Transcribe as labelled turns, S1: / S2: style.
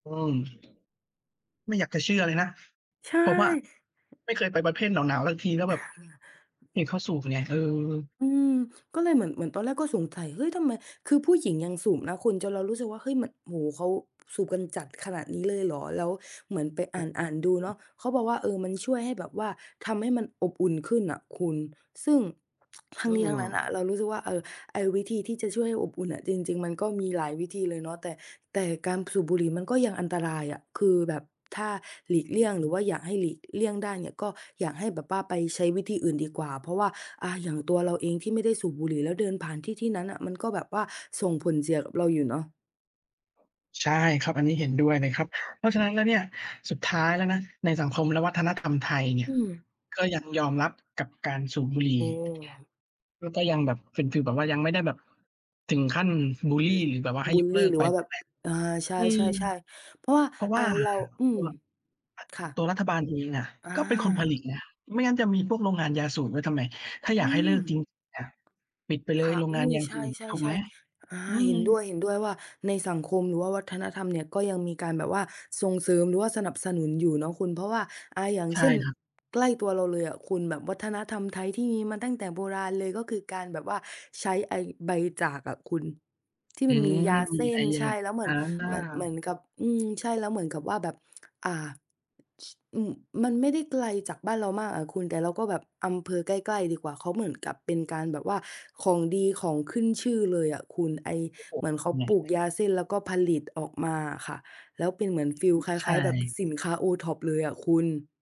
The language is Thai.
S1: อืม ไม่อยากจะเชื่อเลยนะ
S2: ใช่
S1: ผมอะไม่เคยไปประเภทหนาว ๆ สักทีนะ แบบเห็นเขาสูบไง เออ
S2: อืม ก็เลยเหมือน เหมือนตอนแรกก็สงสัย เฮ้ย ทำไม คือผู้หญิงยังสูบนะคุณ จนเรารู้สึกว่า เฮ้ย มัน โอ้โฮ เขาสูบกันจัดขนาดนี้เลยเหรอ แล้วเหมือนไป
S1: อ
S2: อ
S1: ือ
S2: ่าน ๆ ดู
S1: อื
S2: เนา
S1: ม
S2: ะ เขาบอกว่า เออ มันช่วยให้แบบว่าทำให้มันอบอุ่นขึ้นน่ะคุณ ซึ่ง ท
S1: อ
S2: ั้
S1: ื
S2: งนี้ทั้งนั้นอ
S1: ม
S2: ะเรารู้สึกว่า เออ ไอ้วิธีที่จะช่วยให้อบอุ่นอะ จริง ๆ มันก็มีหลายวิธีเลยเนาะ แต่ แต่การสูบบุหรี่มันก็ยังอันตรายอะ คือแบบถ้าหลีก
S1: อ
S2: เลี่ย
S1: ื
S2: ง
S1: ม
S2: หรือว่าอยากให้หลีกเลี่ยงได้เนี่ย ก็อยากให้แบบว่าไปใช้วิธีอื่นดีกว่า เพราะว่า อ่า อย่างตัวเราเองที่ไม่ได้สูบบุหรี่ แล้วเดินผ่านที่ที่นั้นน่ะ มันก็แบบว่าส่งผลเสียกับเราอยู่เนาะ
S1: ใช่ครับ อันน
S2: อ
S1: ี้
S2: ื
S1: เห็นด้วยเลย
S2: ม
S1: ครับ เพราะฉะนั้นแล้วเนี่ย สุดท้ายแล้วนะในสังคมและวัฒนธรรมไทยเนี่
S2: อ
S1: ย
S2: ืม
S1: ก็ยังยอมรับกับการสูบบุหรี
S2: โอ
S1: ่
S2: ้
S1: และก็ยังแบบเป็นฟีลแบบว่ายังไม่ได้แบบถึงขั้นบุลลี หรือแบบว่าให้
S2: บุ
S1: ย
S2: ล
S1: กเ
S2: ล
S1: ลิ
S2: ี
S1: ก
S2: หรื
S1: ไป
S2: อว่า
S1: น
S2: แ
S1: ี
S2: บ
S1: ้
S2: บ
S1: แหละ
S2: อา ใช
S1: อืม
S2: ่ ๆ ๆ เพราะว่า
S1: เพราะ ว
S2: อ
S1: ่
S2: ่า
S1: า
S2: เรา อื
S1: ตั
S2: อ
S1: ว
S2: ค่ะ
S1: ตัวรัฐบาลเองอะ
S2: อ
S1: ก็เป็นคนผ
S2: า
S1: ลิตนะไม่งั้นจะมีพวกโรงงานยาสูบไว้ทำไม ถ้า
S2: อ
S1: อ
S2: ื
S1: ยากให้เ
S2: ม
S1: ลิกจริง ปิดไปเล
S2: ค
S1: ย
S2: ่ะ
S1: โรง
S2: อ
S1: ง
S2: ุ
S1: า
S2: ๊
S1: น
S2: ย
S1: ยา
S2: ใช
S1: สูบ ถูกไห
S2: ่
S1: ม
S2: ๆ ๆ อา
S1: อื
S2: เห็
S1: ม
S2: นด้วย เห็นด้วยว่าในสังคมหรือว่าวัฒนธรรมเนี่ยก็ยังมีการแบบว่าส่งเสริมหรือว่าสนับสนุนอยู่เนาะคุณ เพราะว่า อ่า อย่าง
S1: ใช่
S2: เช่น
S1: ครับ
S2: ใกล้ตัวเราเลยอะคุณ แบบวัฒนธรรมไทยที่มีมาตั้งแต่โบราณเลย ก็คือการแบบว่าใช้ไอ้ใบจากอะคุณ ที่
S1: อื
S2: มันมี
S1: ม
S2: ยาเส้
S1: ไอ้
S2: น
S1: ย
S2: ใช
S1: า
S2: ่ แล้วเหม
S1: อ
S2: ือน เหมือน เหมื
S1: า
S2: อนกับ อื ใช่ แล้วเหมือนกับว่าแบบ อา ช อือ มันไม่ได้ไกลจากบ้านเรามากอะคุณ แต่เราก็แบบ อำเภอใกล้ ๆ ดีกว่า เขาเหมือนกับเป็นการแบบว่าของดีของขึ้นชื่อเลยอะคุณ ไอ้
S1: โอ้โฮ
S2: เหมือนเ
S1: ท
S2: ขา
S1: ำไง
S2: ปลูกยาเส้น แล้วก็ผลิตออกมาอะค่ะ แล้วเป็นเหมือน
S1: อื
S2: ฟีล
S1: ม
S2: คล
S1: ใช่
S2: ้าย ๆ แบบสินค้า OTOP เลยอะคุณ